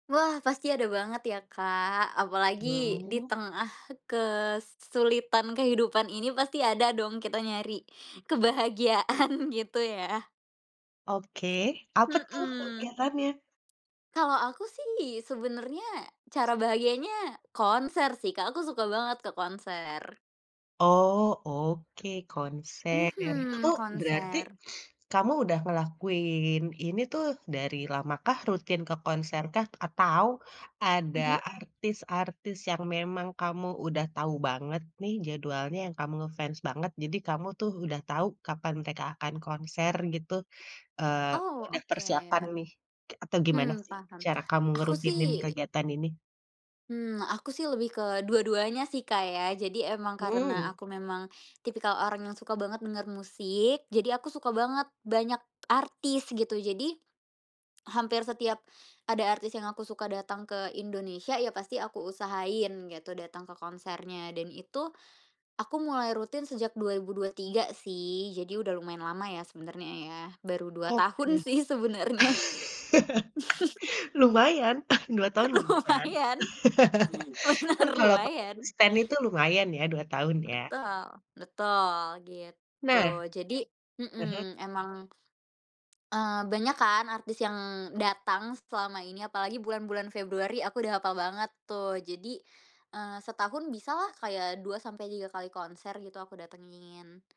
Wah, pasti ada banget ya, Kak. Apalagi di Hmm. tengah kesulitan kehidupan ini pasti ada dong kita nyari kebahagiaan gitu ya. Oke, apa tuh Mhm. kegiatannya? Kalau aku sih, sebenernya cara bahagianya konser sih, Kak. Aku suka banget ke konser. Oh, oke, konser. Itu Mhm, tuh, berarti konser. kamu udah ngelakuin ini tuh dari lama kah, rutin ke konser kah? Atau ada Mhm. artis-artis yang memang kamu udah tahu banget nih jadwalnya yang kamu nge-fans banget, jadi kamu tuh udah tahu kapan mereka akan konser gitu, eee, Oh, udah persiapan oke. nih. K atau gimana Hmm, sih paham. cara kamu Aku ngerutinin sih kegiatan ini? Hmm, aku sih lebih ke dua-duanya sih, Kak, ya. Jadi emang karena Mmm. aku memang tipikal orang yang suka banget denger musik, jadi aku suka banget banyak artis gitu. Jadi, hampir setiap ada artis yang aku suka datang ke Indonesia, ya pasti aku usahain gitu datang ke konsernya, dan itu, aku mulai rutin sejak 2023 sih, jadi udah lumayan lama ya sebenernya ya. Baru 2 Oke. tahun sih sebenernya. Lumayan, 2 tahun lumayan. Lumayan, bener, Kan kalau pa [unintelligible] lumayan. konsiten itu lumayan ya, 2 tahun ya. Betul, betul gitu. Nah Jadi aha. mhm, emang eee, banyak kan artis yang datang selama ini, apalagi bulan-bulan Februari. Aku udah hapal banget tuh, jadi, eee, setahun bisalah kayak 2 sampai 3 kali konser gitu aku datengin.